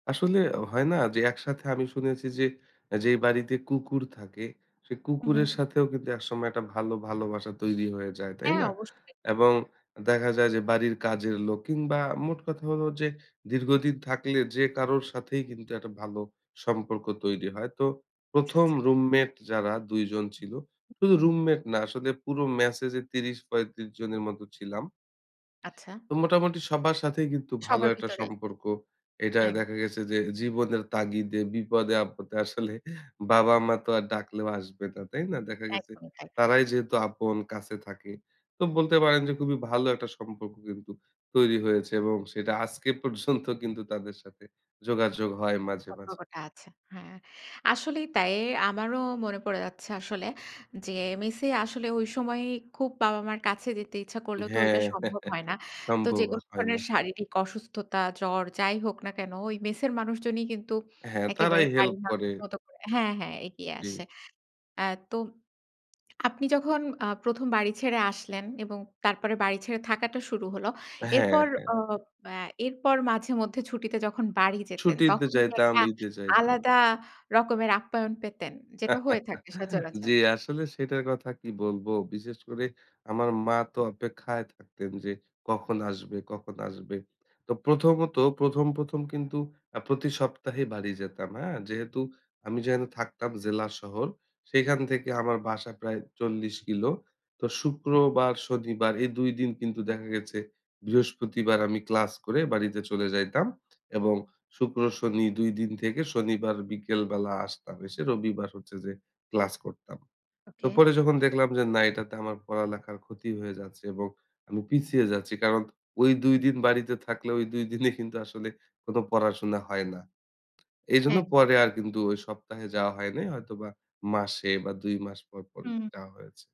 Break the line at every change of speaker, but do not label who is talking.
আসলে হয় না যে একসাথে আমি শুনেছি যে, যেই বাড়িতে কুকুর থাকে, সেই
হুম, হুম।
কুকুরের সাথেও কিন্তু একসময় একটা ভালো ভালোবাসা তৈরি হয়ে যায়, তাই
হ্যাঁ,
না?
অবশ্যই।
এবং দেখা যায় যে বাড়ির কাজের লোক কিংবা মোট কথা হলো যে, দীর্ঘদিন থাকলে যে কারোর সাথেই কিন্তু একটা ভালো সম্পর্ক তৈরি হয়। তো
আচ্ছা,
১ম
আচ্ছা।
রুমমেট যারা ২ জন ছিল, শুধু রুমমেট না আসলে পুরো মেসে যে ৩০-৩৫ জনের মত ছিলাম।
আচ্ছা।
তো মোটামুটি সবার সাথেই কিন্তু ভালো
সবার
একটা
ভিতরেই।
সম্পর্ক। এটা
আং
দেখা গেছে যে, জীবনের তাগিদে, বিপদে-আপদে, আসলে বাবা-মা তো আর ডাকলেও আসবে না, তাই না? দেখা গেছে
একদমই তাই।
তারাই যেহেতু আপন কাছে থাকে। তো বলতে পারেন যে খুবই ভালো একটা সম্পর্ক কিন্তু তৈরি হয়েছে এবং সেটা আজকে পর্যন্ত কিন্তু তাদের সাথে যোগাযোগ হয় মাঝে, মাঝে।
সতর্কটা আছে। হ্যাঁ। আসলেই তাই আমারও মনে পড়ে যাচ্ছে আসলে যে, মেসে আসলে ঐ সময়েই খুব বাবা মার কাছে যেতে ইচ্ছা করলেও তো
হ্যাঁ।
ঐটা সম্ভব হয় না। তো
সম্ভব
যেকোন
হয় না।
ধরনের শারীরিক অসুস্থতা, জ্বর যাই হোক না কেন ওই মেসের মানুষজনই কিন্তু
হ্যাঁ, তারাই
একেবারে
হেল্প
বাড়ির
করে।
মানুষের মত করে হ্যাঁ, হ্যাঁ এগিয়ে
জি।
আসে। অ্যা তো আপনি যখন আ ১ম বাড়ি ছেড়ে আসলেন এবং তারপরে বাড়ি ছেড়ে থাকাটা শুরু হল।
হ্যাঁ,
এরপর
হ্যাঁ।
অ অ্যা এরপর মাঝে মধ্যে ছুটিতে যখন বাড়ি যেতেন
ছুটিতে
তখন কি
যাইতাম,
একটা
ঈদে যাইতাম।
আলাদা রকমের আপ্যায়ন পেতেন? যেটা হয়ে থাকে সচরাচর।
জ্বি, আসলে সেটার কথা কি বলবো, বিশেষ করে আমার মা তো অপেক্ষায় থাকতেন যে, কখন আসবে, কখন আসবে? তো প্রথমত ১ম, ১ম কিন্তু আ প্রতি সপ্তাহে বাড়ি যেতাম, হ্যাঁ। যেহেতু আমি যেহেনে থাকতাম জেলা শহর সেইখান থেকে আমার বাসা প্রায় ৪০ কিলো। তো শুক্রবার, শনিবার এই ২ দিন কিন্তু দেখা গেছে বৃহস্পতিবার আমি ক্লাস করে বাড়িতে চলে যাইতাম। এবং
হুম।
শুক্র শনি ২ দিন থেকে শনিবার বিকেল বেলা আসতাম, এসে রবিবার হচ্ছে যে ক্লাস করতাম। তো
ওকে।
পরে যখন দেখলাম যে না এটাতে আমার পড়ালেখার ক্ষতি হয়ে যাচ্ছে এবং আমি পিছিয়ে যাচ্ছি। কারণ ওই ২ দিন বাড়িতে থাকলে ঐ ২ দিনে কিন্তু আসলে কোন পড়াশোনা হয় না। এইজন্য
একদম।
পরে আর কিন্তু ওই সপ্তাহে যাওয়া হয়নি। হয়তোবা মাসে বা ২ মাস পর-পর
হুম।
যাওয়া হয়েছে।